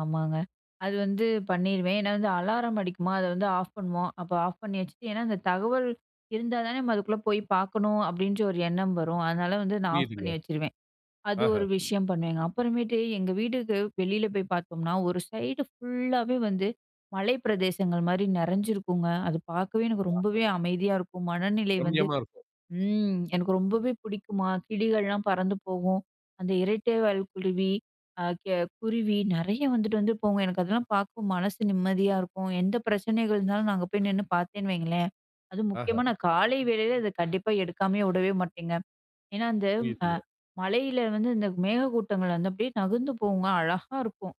ஆமாங்க. அது வந்து பண்ணிருவேன். ஏன்னா வந்து அலாரம் அடிக்குமா அத வந்து ஆஃப் பண்ணுவோம். அப்ப ஆஃப் பண்ணி வச்சுட்டு, ஏன்னா அந்த தகவல் இருந்தா தான நம்ம அதுக்குள்ளே போய் பார்க்கணும் அப்டின்ற ஒரு எண்ணம் வரும். அதனால வந்து நான் ஆஃப் புரியுதுங்க. பண்ணி வச்சுருவேன். அது ஒரு ஆஹா! விஷயம் பண்ணுவேங்க. அப்புறமேட்டு எங்க வீட்டுக்கு வெளில போய் பார்த்தோம்ன்னா, ஒரு சைடு ஃபுல்லாவே வந்து மலை பிரதேசங்கள் மாரி நிறைஞ்சிருக்குங்க. அது பார்க்கவே எனக்கு ஆஹா! ரொம்பவே அமைதியா இருக்கும். மனநிலை வந்து ரம்மியமா இருக்கும். ம், எனக்கு ரொம்பவே பிடிக்குமா! கிளிகள்லாம் பறந்து போகும், அந்த இரட்டைவால் குருவி அ க குருவி நிறைய வந்துட்டு வந்து போகும். எனக்கு அதுலாம் பார்க்கும் மனசு நிம்மதியா இருக்கும். எந்த பிரச்சனைகள் இருந்தாலும் நான் அங்க போய் நின்னு பார்த்தேன்னு வையுங்களேன்! அதுவும் ஆஹா! முக்கியமா நான் காலை வேளையில இத கண்டிப்பாக எடுக்காமயே விடவே மாட்டேங்க. ஏன்னா அந்த, அ புரியுதுங்க. மலையில வந்து இந்த மேகக்கூட்டங்கள் வந்து அப்டியே நகுந்து போகுங்க. அழகா இருக்கும்.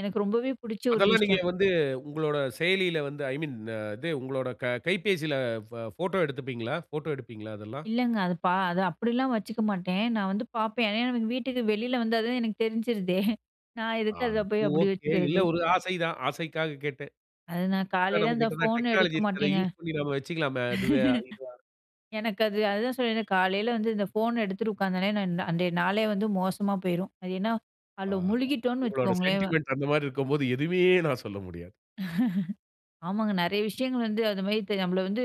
எனக்கு ரொம்பவே பிடிச்ச ஒரு அதெல்லாம் நீங்க விஷயம். வந்து உங்களோட செயலில வந்து, ஐ மீன் அ இது உங்களோட க கைபேசில ப போட்டோ எடுத்துப்பீங்களா? போட்டோ எடுப்பீங்களா? அதெல்லாம். இல்லங்க. அது பா அது அப்டில்லாம் வச்சுக்க மாட்டேன். நான் வந்து பார்ப்பேன். ஏன்னா, எனக்கு வீட்டுக்கு வெளில வந்தா தான் எனக்கு தெரிஞ்சிருதே! நான் எதுக்கு அத அது போய் அப்டி ஒகே. இல்ல வச்சுக்கிறது? ஒரு ஆசை தான். ஆசைக்காக கேட்டேன். அது நான் அதான் காலையில நம்ம அந்த கிட்டதான் ஃபோன் எடுக்க டெக்னாலஜி இருக்கிறத மாட்டேங்க. யூஸ் பண்ணி நம்ம வச்சுக்கலாமே! அதுவே இதா எனக்கு அது அதுதான் சொன்றேனே, காலையில வந்து இந்த ஃபோன எடுத்துகிட்டு உக்காந்தவுனே, நான் அந்த நாளே வந்து மோசமா போயிரும். அது ஏன்னா அதில ஆஹா! முழுகிட்டோன்னு உங்களுடைய வச்சுக்கோங்களேன்! சென்டிமென்ட் அந்தமாரி இருக்கும்போது எதுமே நான் சொல்ல முடியாது. ஆமாங்க. நிறைய விஷயங்கள் வந்து அதுமாரி இப் நம்மள வந்து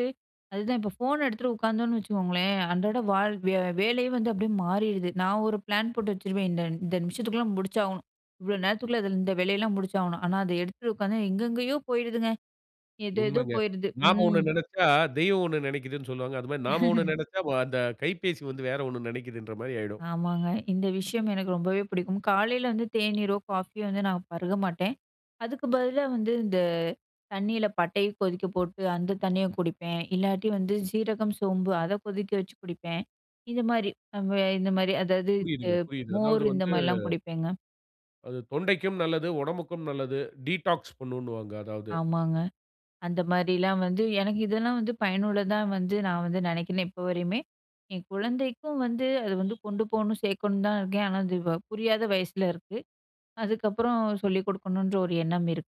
அதுதான் இப்போ ஃபோன எடுத்துட்டு உட்காந்தோன்னு வச்சுக்கோங்களேன், அன்றாட வாழ் வேலையே வந்து அப்டியே மாறிடுது. நான் ஒரு பிளான் போட்டு வச்சுருவேன். இந்த இந்த நிமிஷத்துக்குள்ள முடிச்சாகணும். இவ்ளோ நேரத்துக்குள்ள அதில இந்த வேலையெல்லாம் முடிச்சாகணும். ஆனா அத எடுத்துட்டு உட்காந்தா எங்கெங்கேயோ போயிடுதுங்க. எதோ எதோ உண்மங்க. போயிருது. நாம் ம். ஒன்னு நினைச்சா, தெய்வம் ஒன்னு நினைக்கிதுன்னு சொல்வாங்க. அதுமாரி நாம ஒன்னு நினைச்சா வ அந்த கைபேசி வந்து, வேற ஒன்னு நினைக்கிதுன்றமாரி ஆயிடும். ஆமாங்க. இந்த விஷயம் எனக்கு ரொம்பவே பிடிக்கும். காலையில வந்து தேனீரோ! காஃபியோ! வந்து நான் பருக மாட்டேன். அதுக்கு பதிலா வந்து இந்த தண்ணீல பட்டைய கொதிக்க போட்டு அந்த தண்ணிய குடிப்பேன். இல்லாட்டி வந்து சீரகம், சோம்பு அத கொதிக்க வச்சு குடிப்பேன். இந்தமாரி அவுங்க இந்தமாரி அதாவது இது புரியுதுங்க. புரியுது. அதாவது மோர் வந்து இந்தமாரிலாம் குடிப்பேங்க. அது தொண்டைக்கும் நல்லது. உடம்புக்கும் நல்லது டீடாக்ஸ் பண்ணுனுவாங்க. அதாவது. ஆமாங்க. அந்த மாரிலாம் வந்து எனக்கு இதெல்லாம் வந்து பயனுள்ளதா வந்து நான் வந்து நினைக்கினே இப்ப வரையுமே! என் குழந்தைக்கும் வந்து அது வந்து கொண்டு போணும், சேர்க்கணும் தான் இருக்கேன். ஆனா, அது வ புரியாத வயசில இருக்கு. அதுக்கப்பறம் சொல்லிக் கொடுக்கணுன்ற ஒரு எண்ணம் இருக்கு.